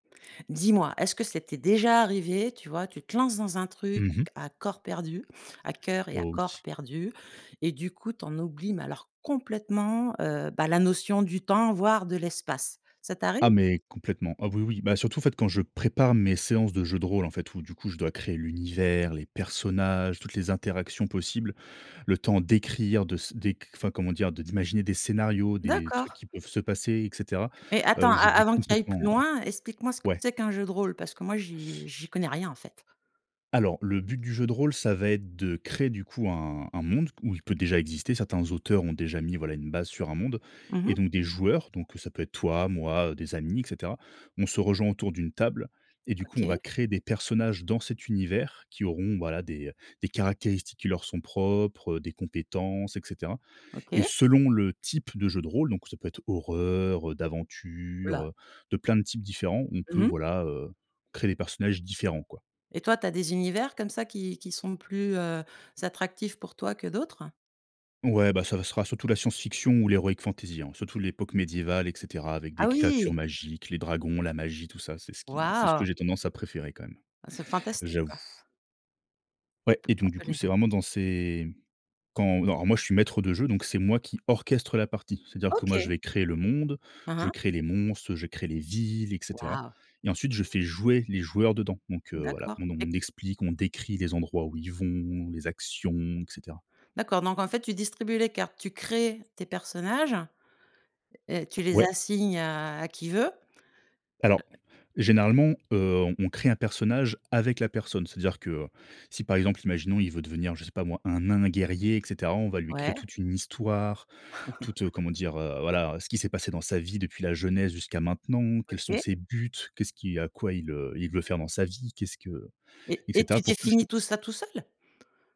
Dis-moi, est-ce que ça t'est déjà arrivé tu vois? Tu te lances dans un truc Mmh mh. à corps perdu, à cœur et à Oh, oui. corps perdus, et du coup, tu en oublies, mais alors complètement, heu, bah, la notion du temps, voire de l'espace. Ça Ah, t'arrive? mais complètement. Ah oui, oui, bah surtout, en fait, quand je prépare mes séances de jeu de rôle, en fait, où, du coup, je dois créer l'univers, les personnages, toutes les interactions possibles, le temps d'écrire, de s d'éc enfin, comment dire? De d'imaginer des scénarios, des D'accord. trucs qui peuvent se passer, et cetera, Mais heu, attends, a j'oublie avant que tu ailles plus complètement, ouais. loin, explique-moi ce que Ouais. c'est qu'un jeu de rôle, parce que moi, j'y j'y connais rien, en fait. Alors, le but du jeu de rôle, ça va être de créer, du coup, un un monde, ou il peut déjà exister. Certains auteurs ont déjà mis, voilà, une base sur un monde, Mmh mh. et donc des joueurs donc ça peut être toi, moi, des amis, et cetera on se rejoint autour d'une table et du coup, on va OK. créer des personnages dans cet univers, qui auront, voilà, des des caractéristiques qui leur sont propres, heu, des compétences, et cetera, et OK. selon le type de jeu de rôle, donc ça peut être horreur, heu, Oh la. d'aventure, heu, de plein de types différents. On peut, Mmh mh. voilà, heu, créer des personnages différents, quoi. Et toi, tu as des univers comme ça, qui qui sont plus, heu, z attractifs pour toi que d'autres? Ouais, bah ça va ça sera surtout la science fiction ou l'héroïque fantaisie, hein, surtout l'époque médiévale, et cetera, avec Ah des créatures oui! magiques, les dragons, la magie, tout ça, c'est ce qui c'est ce que Waouh! j'ai tendance à préférer quand même, Ah, c'est fantastique, j'avoue. quoi. Ouais et donc du coup, c'est vraiment [unintelligible] dans ces quand alors moi je suis maître de jeu, donc c'est moi qui orchestre la partie, c'est à dire que, moi je OK. vais créer le monde, Mmh je mh. crée les monstres, je crée les villes, et cetera, Wahou! et ensuite, je fais jouer les joueurs dedans, donc heu, voilà, D'accord, et on explique, on décrit les endroits où ils vont, les actions, et cetera. D'accord, donc en fait, tu distribues les cartes, tu crées tes personnages et tu les Ouais. assignes à qui veut. Alors, Heu généralement, heu, on crée un personnage avec la personne, c'est à dire que, heu, si, par exemple, imaginons, il veut devenir, je sais pas moi, un nain guerrier, et cetera, on va lui créer Ouais. toute une histoire, toute comment dire? Heu, voilà, ce qui s'est passé dans sa vie depuis la jeunesse jusqu'à maintenant. Quels sont OK. ses buts? Qu'est ce qui heu, à quoi il, heu, il veut faire dans sa vie? Qu'est ce que Et et et cetera, tu pour que définis juste tout ça, tout seul?